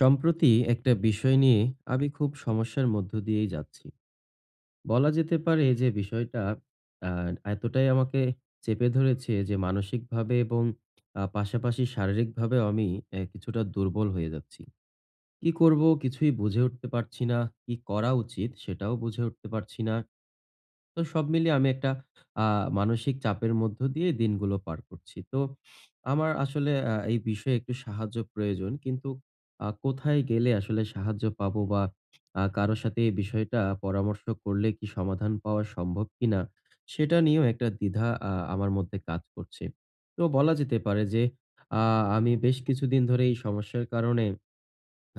সম্প্রতি একটা বিষয় নিয়ে আমি খুব সমস্যার মধ্য দিয়েই যাচ্ছি। বলা যেতে পারে যে, বিষয়টা অ্যা এতটাই আমাকে চেপে ধরেছে যে, মানসিকভাবে এবং আ পাশাপাশি শারীরিকভাবেও আমি এ কিছুটা দুর্বল হয়ে যাচ্ছি। কি করবো? কিছুই বুঝে উঠতে পারছি না। কি করা উচিত? সেটাও বুঝে উঠতে পারছি না। তো সব মিলিয়ে আমি একটা আ মানসিক চাপের মধ্য দিয়ে দিনগুলো পার করছি। তো আমার আসলে আ এই বিষয়ে একটু সাহায্য প্রয়োজন। কিন্তু আ কোথায় গেলে আসলে সাহায্য পাবো, বা আ কারো সাথে এই বিষয়টা পরামর্শ করলে কি সমাধান পাওয়া সম্ভব কিনা? সেটা নিয়েও একটা দ্বিধা আ আমার মধ্যে কাজ করছে। তো বলা যেতে পারে যে, আ আমি বেশ কিছুদিন ধরে এই সমস্যার কারণে,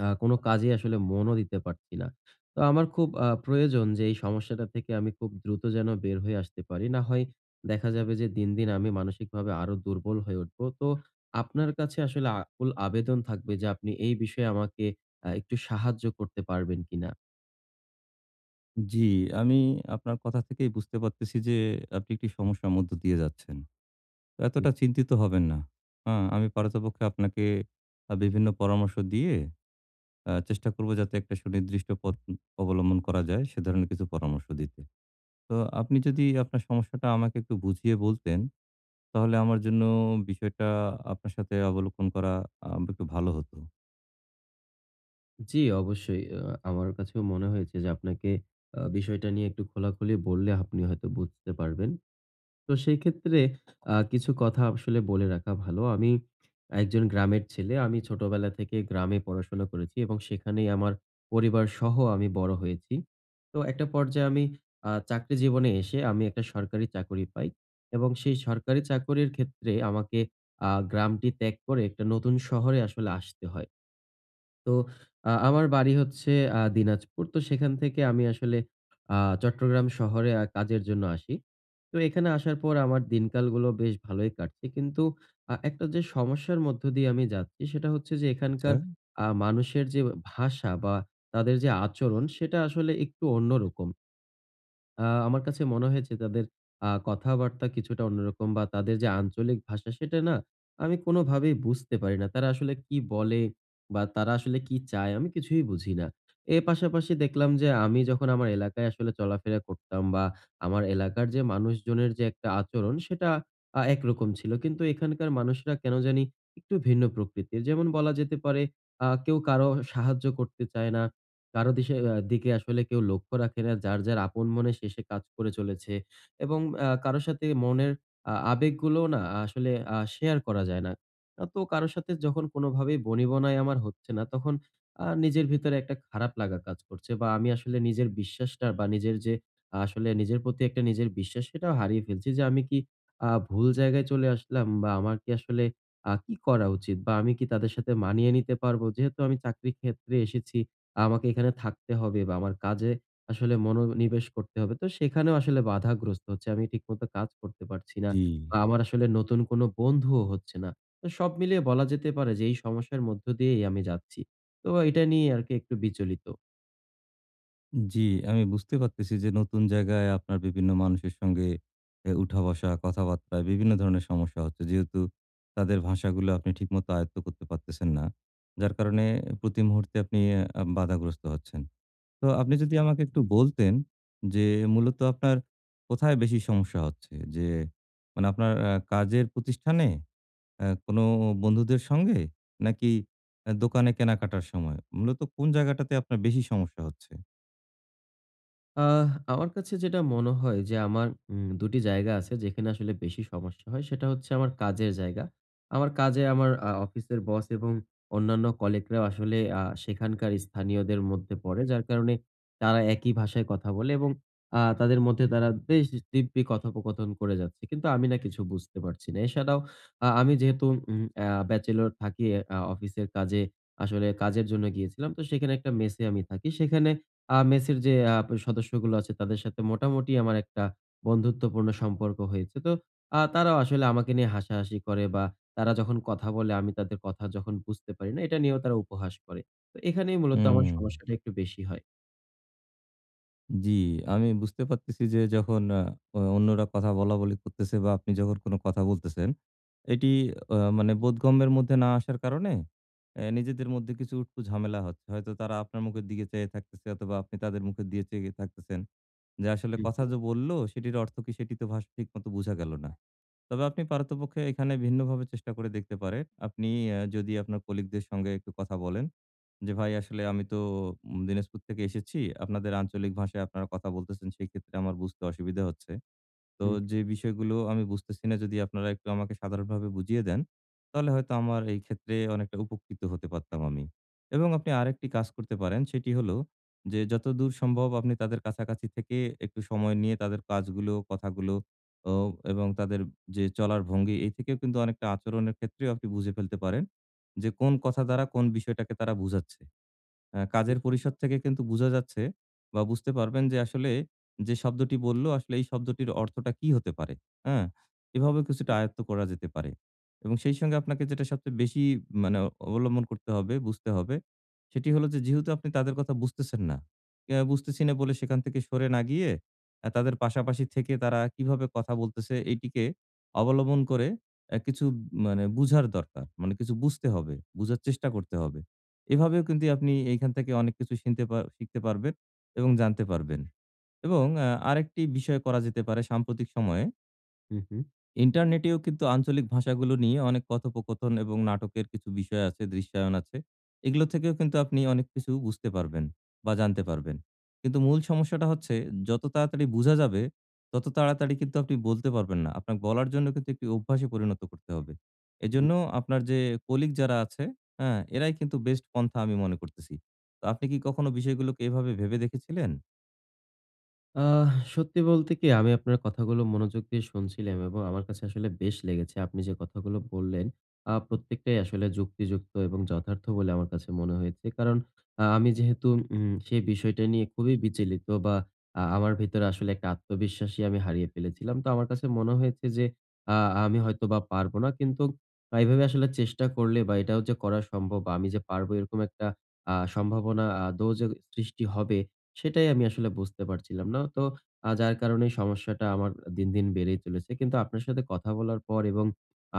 আ কোন কাজেই আসলে মনও দিতে পারছি না। তো আমার খুব আ প্রয়োজন যে, এই সমস্যাটা থেকে আমি খুব দ্রুত যেন বের হয়ে আসতে পারি। না হয় দেখা যাবে যে দিন, দিন আমি মানসিকভাবে আরো দুর্বল হয়ে উঠবো। তো, আপনার কাছে আসলে আকুল আবেদন থাকবে যে, আপনি এই বিষয়ে আমাকে আ একটু সাহায্য করতে পারবেন কিনা? উম জ্বী আমি আপনার কথা থেকেই বুঝতে পারতেছি যে, আপনি একটি সমস্যার মধ্য দিয়ে যাচ্ছেন। হু। এতটা চিন্তিত হবেন না। আ আমি পারতপক্ষে আপনাকে আ বিভিন্ন পরামর্শ দিয়ে আ চেষ্টা করব যাতে একটা সুনির্দিষ্ট পথ উম অবলম্বন করা যায়, সে ধরণের কিছু পরামর্শ দিতে। তো আপনি যদি আপনার সমস্যাটা আমাকে একটু বুঝিয়ে বলতেন, তাহলে আমার জন্য বিষয়টা আপনার সাথে অবলোকন করা আমব একটু ভালো হতো। জী অবশ্যই। আ আমার কাছেও মনে হয়েছে যে আপনাকে আ বিষয়টা নিয়ে একটু খোলাখুলি বললে, আপনি হয়তো বুঝতে পারবেন। তো সেই ক্ষেত্রে আ কিছু কথা আসলে বলে রাখা ভালো। আমি একজন গ্রামের ছেলে। আমি ছোটবেলা থেকে গ্রামে পড়াশোনা করেছি এবং সেখানেই আমার পরিবারসহ আমি বড় হয়েছি। তো একটা পর্যায়ে আমি আ চাকরি জীবনে এসে আমি একটা সরকারি চাকুরি পাই। এবং সেই সরকারি চাকুরির ক্ষেত্রে আমাকে আ গ্রামটি ত্যাগ করে, একটা নতুন শহরে আসলে আসতে হয়। তো আ আমার বাড়ি হচ্ছে আ দিনাজপুর। তো সেখান থেকে আমি আসলে আ চট্টগ্রাম শহরে আ কাজের জন্য আসি। তো এখানে আসার পর আমার দিনকালগুলো বেশ ভালই কাটছে। কিন্তু আ একটা যে সমস্যার মধ্য দিয়ে আমি যাচ্ছি সেটা হচ্ছে যে আচ্ছা। এখানকার আ মানুষের যে আ ভাষা বা তাদের যে আচরণ সেটা আসলে একটু অন্য রকম। আ আমার কাছে মনে হয়েছে তাদের আ কথাবার্তা কিছুটা অন্যরকম বা তাদের যে আঞ্চলিক ভাষা, সেটা না আমি কোনভাবেই বুঝতে পারি না। তারা আসলে কি বলে বা তারা আসলে কি চায়? আমি কিছুই বুঝি না। এ পাশাপাশি দেখলাম যে আমি যখন আমার এলাকায় আসলে চলাফেরা করতাম বা আমার এলাকার যে মানুষজনের যে একটা আচরণ, সেটা আ একরকম ছিল। কিন্তু এখানকার মানুষেরা কেন জানি একটু ভিন্ন প্রকৃতির। যেমন বলা যেতে পারে আ কেউ কারো সাহায্য করতে চায় না। কারো দিশে আ দিকে আসলে কেউ লক্ষ্য রাখে না। যার, যার আপন মনে সে, সে কাজ করে চলেছে। এবং আ কারো সাথে মনের আ আবেগগুলোও না আসলে আ শেয়ার করা যায় না। আ তো কারো সাথে যখন কোনভাবেই বনিবনায় আমার হচ্ছে না, তখন আ নিজের ভিতরে একটা খারাপ লাগা কাজ করছে বা আমি আসলে নিজের বিশ্বাসটা বা নিজের যে আসলে নিজের প্রতি একটা নিজের বিশ্বাস সেটাও হারিয়ে ফেলছি যে, "আমি কি আ ভুল জায়গায় চলে আসলাম বা আমার কি আসলে আ কি করা উচিত বা আমি কি তাদের সাথে মানিয়ে নিতে পারবো?" যেহেতু আমি চাকরি ক্ষেত্রে এসেছি, আমাকে এখানে থাকতে হবে বা আমার কাজে আসলে মনোনিবেশ করতে হবে। তো সেখানেও আসলে বাধাগ্রস্ত হচ্ছে। আমি ঠিক মতো কাজ করতে পারছি না। জি। বা আমার আসলে নতুন কোন বন্ধুও হচ্ছে না। তো সব মিলিয়ে বলা যেতে পারে যে এই সমস্যার মধ্য দিয়েই আমি যাচ্ছি। তো এইটা নিয়ে আরকি একটু বিচলিত। উম জি আমি বুঝতে পারতেছি যে, নতুন জায়গায় আপনার বিভিন্ন মানুষের সঙ্গে এ উঠা-বসা, কথাবার্তা বিভিন্ন ধরনের সমস্যা হচ্ছে। যেহেতু তাদের ভাষাগুলো আপনি ঠিকমত আয়ত্ত করতে পারতেছেন না। যার কারণে প্রতি মুহূর্তে আপনি অ্যা আম বাধাগ্রস্ত হচ্ছেন। তো আপনি যদি আমাকে একটু বলতেন যে, মূলত আপনার কোথায় বেশি সমস্যা হচ্ছে? যে, মানে আপনার আ কাজের প্রতিষ্ঠানে? আ কোনও বন্ধুদের সঙ্গে? নাকি এ দোকানে কেনাকাটার সময়? মূলত কোন জায়গাটাতে আপনার বেশি সমস্যা হচ্ছে? আ আমার কাছে যেটা মনে হয় যে, আমার উম ২ টি জায়গা আছে, যেখানে আসলে বেশি সমস্যা হয়, সেটা হচ্ছে আমার কাজের জায়গা। আমার কাজে, আমার আ অফিসের বস এবং অন্যান্য colleague রাও আসলে আ সেখানকার স্থানীয়দের মধ্যে পড়ে। যার কারণে তারা একই ভাষায় কথা বলে এবং আ তাদের মধ্যে তারা বেশ দিব্যি কথোপকথন করে যাচ্ছে! কিন্তু আমি না কিছু বুঝতে পারছি না। এছাড়াও আ আমি যেহেতু উম আ bachelor থাকি এ আ অফিসের কাজে, আসলে কাজের জন্য গিয়েছিলাম। তো সেইখানে একটা মেসে আমি থাকি। সেখানে আ মেসের যে আপ সদস্যগুলো আছে তাদের সাথে মোটামুটি আমার একটা বন্ধুত্বপূর্ণ সম্পর্ক হয়েছে। তো আ তারাও আসলে আমাকে নিয়ে হাসাহাসি করে বা তারা যখন কথা বলে আমি তাদের কথা যখন বুঝতে পারি না, এটা নিয়েও তারা উপহাস করে। তো এখানেই মূলত আমার উম। সমস্যাটা একটু বেশি হয়। জি, আমি বুঝতে পারতেছি যে যখন অ্যা অন্যরা কথা বলা-বলি করতেছে বা আপনি যখন কোন কথা বলতেছেন। এটি অ্যা মানে বোধগম্যের মধ্যে না আসার কারনে অ্যা নিজেদের মধ্যে কিছু উটকো ঝামেলা হচ্ছে। হয়তো তারা আপনার মুখের দিকে চেয়ে থাকতেছে অথবা আপনি তাদের মুখের দিকে চেয়ে থাকতেছেন। যে আসলে উ, কথা হু। যে বলল সেটির অর্থ কি সেটি তো ভাষা ঠিক মত বুঝা গেল না। তবে আপনি পারতপক্ষে এখানে ভিন্নভাবে চেষ্টা করে দেখতে পারেন। আপনি অ্যা যদি আপনার কলিগদের সঙ্গে একটু কথা বলেন যে "ভাই আসলে আমি তো দিনাজপুর থেকে এসেছি। আপনাদের আঞ্চলিক ভাষায় আপনারা কথা বলতেছেন, সেই ক্ষেত্রে আমার বুঝতে অসুবিধা হচ্ছে। তো হুম। যে বিষয়গুলো আমি বুঝতেছি না যদি আপনারা একটু আমাকে সাধারণভাবে বুঝিয়ে দেন, তাহলে হয়তো আমার এই ক্ষেত্রে অনেকটা উপকৃত হতে পারতাম আমি।" এবং আপনি আরেকটি কাজ করতে পারেন সেটি হলো যে, যতদূর সম্ভব আপনি তাদের কাছাকাছি থেকে একটু সময় নিয়ে তাদের কাজগুলো, কথাগুলো অ এবং তাদের যে চলার ভঙ্গি এই থেকেও কিন্তু অনেকটা আচরণের ক্ষেত্রেও আপনি বুঝে ফেলতে পারেন। যে কোন কথা দ্বারা কোন বিষয়টাকে তারা বুঝাচ্ছে। অ্যা কাজের আচ্ছা। পরিষদ থেকে কিন্তু বুঝা যাচ্ছে বা বুঝতে পারবেন যে আসলে যে শব্দটি বলল, আসলে এই শব্দটির অর্থটা কি হতে পারে। হ্যাঁ? এভাবে কিছুটা হুম। আয়ত্ত করা যেতে পারে এবং সেই সঙ্গে আপনাকে যেটা সবচেয়ে বেশি মানে অবলম্বন করতে হবে, বুঝতে হবে সেটি হলো যে যেহেতু আপনি তাদের কথা বুঝতেছেন না। আ বুঝতেছি না বলে সেখান থেকে সরে না গিয়ে, তাদের পাশাপাশি থেকে তারা কিভাবে কথা বলতেছে এটিকে অবলম্বন করে অ্যা কিছু মানে বুঝার দরকার। মানে কিছু বুঝতে হবে, বুঝার চেষ্টা করতে হবে। এভাবেও কিন্তু আপনি এখান থেকে অনেক কিছু শিখতে শিখতে পারবেন এবং জানতে পারবেন। এবং অ্যা আরেকটি বিষয় করা যেতে পারে সাম্প্রতিক সময়ে হু, হু। ইন্টারনেট এও কিন্তু আঞ্চলিক ভাষাগুলো নিয়ে অনেক কথোপকথন এবং নাটকের কিছু বিষয় আছে, দৃশ্যায়ন আছে। এগুলো থেকেও কিন্তু আপনি অনেক কিছু বুঝতে পারবেন, বা জানতে পারবেন। কিন্তু মূল সমস্যাটা হচ্ছে যত তাড়াতাড়ি বুঝা যাবে, তত তাড়াতাড়ি কিন্তু আপনি বলতে পারবেন না। আপনার বলার জন্য কিন্তু একটি অভ্যাসে পরিণত করতে হবে। হুম। এজন্য আপনার যে কলিগ যারা আছে, হ্যাঁ? এরাই কিন্তু বেস্ট পন্থা আমি মনে করতেছি। তো আপনি কি কখনো বিষয়গুলোকে এভাবে ভেবে দেখেছিলেন? আহ! সত্যি বলতে কি, আমি আপনার কথাগুলো মনোযোগ দিয়ে শুনছিলাম এবং আমার কাছে আসলে বেশ লেগেছে। আপনি যে কথাগুলো বললেন, আ প্রত্যেকটাই আসলে যুক্তিযুক্ত এবং যথার্থ বলে আমার কাছে মনে হয়েছে। কারণ, আ আমি যেহেতু উম সেই বিষয়টা নিয়ে খুবই বিচলিত বা আ আমার ভেতরে আসলে একটা আত্মবিশ্বাসই আমি হারিয়ে ফেলেছিলাম। তো আমার কাছে মনে হয়েছে যে, আ আমি হয়তোবা পারব না। কিন্তু এভাবে আসলে চেষ্টা করলে বা এটাও যে করা সম্ভব বা আমি যে পারবো, এরকম একটা আ সম্ভাবনা আদৌ যে সৃষ্টি হবে, সেটাই আমি আসলে বুঝতে পারছিলাম না। তো আ যার কারণে সমস্যাটা আমার দিন, দিন বেড়েই চলেছে। কিন্তু আপনার সাথে কথা বলার পর এবং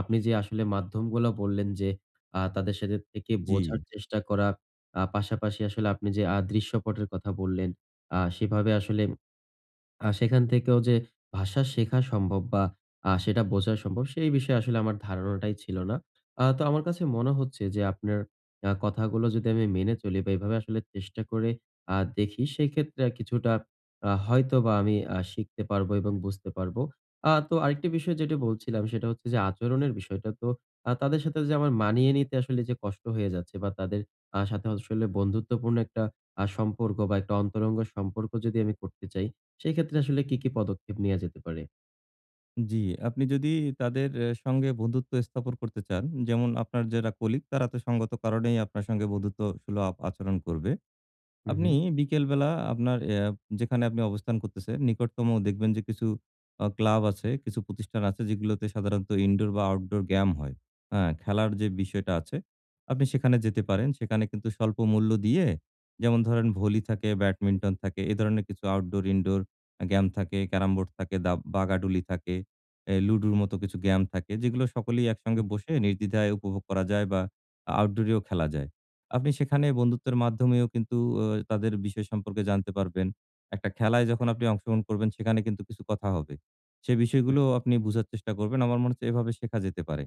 আপনি যে আসলে মাধ্যমগুলো বললেন যে, আ তাদের সাথে থেকে বোঝার জি। চেষ্টা করা, আ পাশাপাশি আসলে আপনি যে আ দৃশ্যপটের কথা বললেন, আ সেভাবে আসলে আ সেখান থেকেও যে ভাষা শেখা সম্ভব, বা আ সেটা বোঝা সম্ভব, সেই বিষয়ে আসলে আমার ধারণাটাই ছিল না। আ তো আমার কাছে মনে হচ্ছে যে, আপনার এ কথাগুলা যদি আমি মেনে চলি বা এভাবে আসলে চেষ্টা করে আ দেখি, সেই ক্ষেত্রে আ কিছুটা আ হয়তোবা আমি আ শিখতে পারবো এবং বুঝতে পারবো। আ তো আরেকটি বিষয় যেটা বলছিলাম, সেটা হচ্ছে যে আচরণের বিষয়টা। তো আ তাদের সাথে যে আমার মানিয়ে নিতে আসলে যে কষ্ট হয়ে যাচ্ছে বা তাদের আ সাথে আসলে বন্ধুত্বপূর্ণ একটা আ সম্পর্ক বা একটা অন্তরঙ্গ সম্পর্ক যদি আমি করতে চাই, সেক্ষেত্রে আসলে কি, কি পদক্ষেপ নেয়া যেতে পারে? জি আপনি যদি তাদের অ্যা সঙ্গে বন্ধুত্ব স্থাপন করতে চান, যেমন আপনার যারা কলিগ তারা তো সঙ্গত কারণেই আপনার সঙ্গে বন্ধুত্ব সুলভ আচরণ করবে। হুম, হু। আপনি বিকেলবেলা আপনার অ্যা যেখানে আপনি অবস্থান করতেছেন নিকটতম দেখবেন যে কিছু অ ক্লাব আছে, কিছু প্রতিষ্ঠান আছে যেগুলোতে সাধারণত ইনডোর বা আউটডোর গেম হয়। আ খেলার যে বিষয়টা আছে, আপনি সেখানে যেতে পারেন। সেখানে কিন্তু স্বল্প মূল্য দিয়ে, যেমন ধরেন ভলি থাকে, ব্যাডমিন্টন থাকে এ ধরণের কিছু আউটডোর-ইনডোর আ গেম থাকে, ক্যারাম বোর্ড থাকে, দা বাগাডুলি থাকে, অ্যা লুডুর মতো কিছু গেম থাকে যেগুলো সকলেই একসঙ্গে হুম। বসে নির্দ্বিধায় উপভোগ করা যায় বা আউটডোর এও খেলা যায়। আপনি সেখানে বন্ধুত্বের মাধ্যমেও কিন্তু ওয় তাদের বিষয় সম্পর্কে জানতে পারবেন। একটা খেলায় যখন আপনি অংশগ্রহণ করবেন সেখানে কিন্তু কিছু কথা হবে। সে হু। বিষয়গুলোও আপনি বোঝার চেষ্টা করবেন। আমার মনে হচ্ছে এভাবে শেখা যেতে পারে।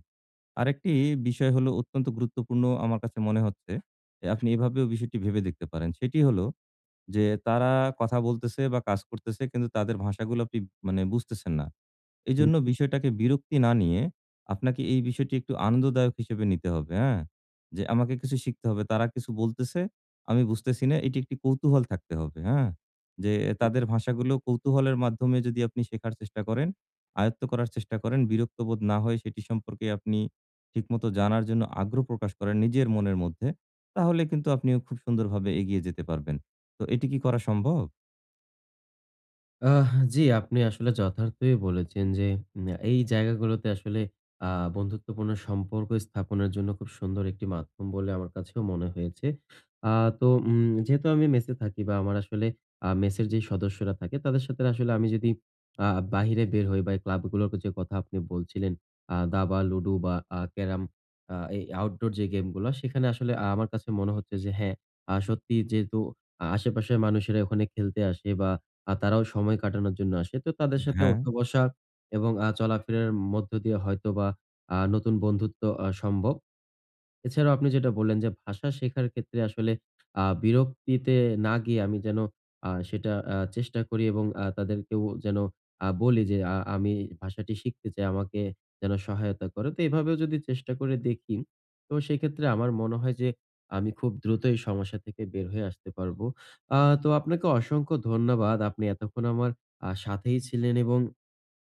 আরেকটি বিষয় হলো অত্যন্ত গুরুত্বপূর্ণ আমার কাছে মনে হচ্ছে, যে আপনি এভাবেও বিষয়টি ভেবে দেখতে পারেন সেটি হলো, যে তারা কথা বলতেছে বা কাজ করতেছে কিন্তু তাদের ভাষাগুলো আপনি মানে বুঝতেছেন না। হু, এজন্য হু। বিষয়টাকে বিরক্তি না নিয়ে, আপনাকে এই বিষয়টি একটু আনন্দদায়ক হিসেবে নিতে হবে, হ্যাঁ? যে, "আমাকে কিছু শিখতে হবে। তারা কিছু বলতেছে, আমি বুঝতেছি না।" এটি একটি কৌতূহল থাকতে হবে, হ্যাঁ? যে হু, হু। তাদের ভাষাগুলো কৌতূহলের মাধ্যমে যদি আপনি শেখার চেষ্টা করেন, আয়ত্ত করার চেষ্টা করেন, বিরক্ত বোধ না হয়ে সেটি সম্পর্কে আপনি ঠিকমত জানার জন্য আগ্রহ প্রকাশ করেন, নিজের মনের মধ্যে। তাহলে কিন্তু আপনিও খুব সুন্দরভাবে এগিয়ে যেতে পারবেন। তো এটি কি করা সম্ভব? আহ! জি, আপনি আসলে যথার্থই বলেছেন যে ম্যা এই জায়গাগুলোতে আসলে আ বন্ধুত্বপূর্ণ সম্পর্ক স্থাপনের জন্য খুব সুন্দর ১টি মাধ্যম বলে আমার কাছেও মনে হয়েছে। আ তো উম যেহেতু আমি মেসে থাকি বা আমার আসলে আ মেসের যেই সদস্যরা থাকে তাদের সাথের আসলে আমি যদি আ বাহিরে বের হই বা এ ক্লাব গুলোরকে যে কথা আপনি বলছিলেন আ দাবা, লুডু বা আ ক্যারাম আ এই outdoor যে game গুলা সেখানে আসলে আমার কাছে মনে হচ্ছে যে, হ্যাঁ, আ সত্যি যেহেতু আশেপাশের মানুষেরা ওখানে খেলতে আসে বা আ তারাও সময় কাটানোর জন্য আসে। তো তাদের সাথে হ্যাঁ? উঠা-বসা এবং আ চলাফেরার মধ্য দিয়ে হয়তোবা আ নতুন বন্ধুত্ব আ সম্ভব। এছাড়া আপনি যেটা বললেন যে, ভাষা শেখার ক্ষেত্রে আসলে আ বিরক্তিতে না গিয়ে আমি যেন আ সেটা আ চেষ্টা করি এবং আ তাদেরকেও যেন আ বলি যে আ আমি ভাষাটি শিখতে চাই আমাকে যেন সহায়তা করে। তো এভাবেও যদি চেষ্টা করে দেখি। তো সেক্ষেত্রে আমার মনে হয় যে আমি খুব দ্রুত এই সমস্যা থেকে বের হয়ে আসতে পারবো। আ তো আপনাকে অসংখ্য ধন্যবাদ, আপনি এতক্ষণ আমার আ সাথেই ছিলেন এবং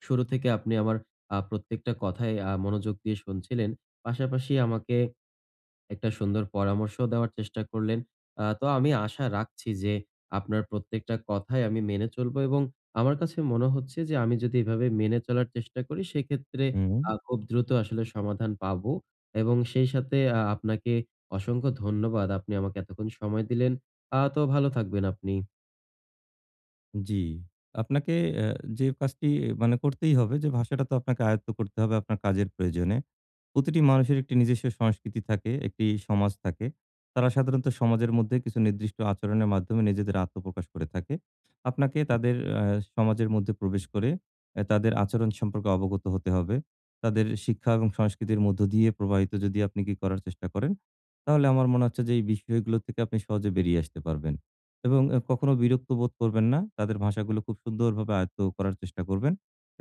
শুরু থেকে আপনি আমার আ প্রত্যেকটা কথায় আ মনোযোগ দিয়ে শুনছিলেন। পাশাপাশি আমাকে ১টা সুন্দর পরামর্শ দেওয়ার চেষ্টা করলেন। আ তো আমি আশা রাখছি যে, আপনার প্রত্যেকটা কথায় আমি মেনে চলবো এবং আমার কাছে মনে হচ্ছে যে, আমি যদি এভাবে মেনে চলার চেষ্টা করি। সেক্ষেত্রে হুম? আ খুব দ্রুত আসলে সমাধান পাবো এবং সেই সাথে আ আপনাকে অসংখ্য ধন্যবাদ। আপনি আমাকে এতক্ষণ সময় দিলেন। আ তো ভালো থাকবেন আপনি। জি। আপনাকে অ্যা যে কাজটি মানে করতেই হবে যে, ভাষাটা তো আপনাকে আয়ত্ত করতে হবে আপনার কাজের প্রয়োজনে। প্রতিটি মানুষের ১ টি নিজস্ব সংস্কৃতি থাকে, ১ টি সমাজ থাকে। তারা সাধারণত সমাজের মধ্যে কিছু নির্দিষ্ট আচরণের মাধ্যমে নিজেদের আত্মপ্রকাশ করে থাকে। আপনাকে তাদের আ সমাজের মধ্যে প্রবেশ করে আ তাদের আচরণ সম্পর্কে অবগত হতে হবে। তাদের শিক্ষা এবং সংস্কৃতির মধ্য দিয়ে প্রবাহিত যদি আপনি কি করার চেষ্টা করেন, তাহলে আমার মনে হচ্ছে যে, এই বিষয়গুলো থেকে আপনি সহজে বেরিয়ে আসতে পারবেন। এবং এ কখনো বিরক্ত বোধ করবেন না। তাদের ভাষাগুলো খুব সুন্দরভাবে আয়ত্ত করার চেষ্টা করবেন।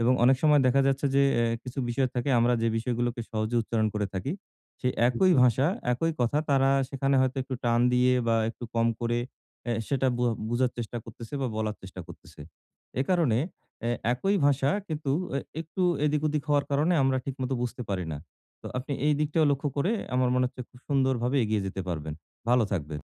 এবং অনেক সময় দেখা যাচ্ছে যে এ কিছু বিষয় থাকে আমরা যে বিষয়গুলোকে সহজে উচ্চারণ করে থাকি সেই হুম, একই হুম। ভাষা, একই কথা তারা সেখানে হয়তো একটু টান দিয়ে বা একটু কম করে অ্যা সেটা বুআ বুঝার চেষ্টা করতেছে বা বলার চেষ্টা করতেছে। এ কারণে অ্যা একই ভাষা কিন্তু এ একটু এদিক-ওদিক হওয়ার কারণে আমরা ঠিকমত বুঝতে পারি না, তো আপনি এই দিকটায় লক্ষ্য করে আমার মনে হচ্ছে খুব সুন্দরভাবে এগিয়ে যেতে পারবেন। ভালো থাকবেন।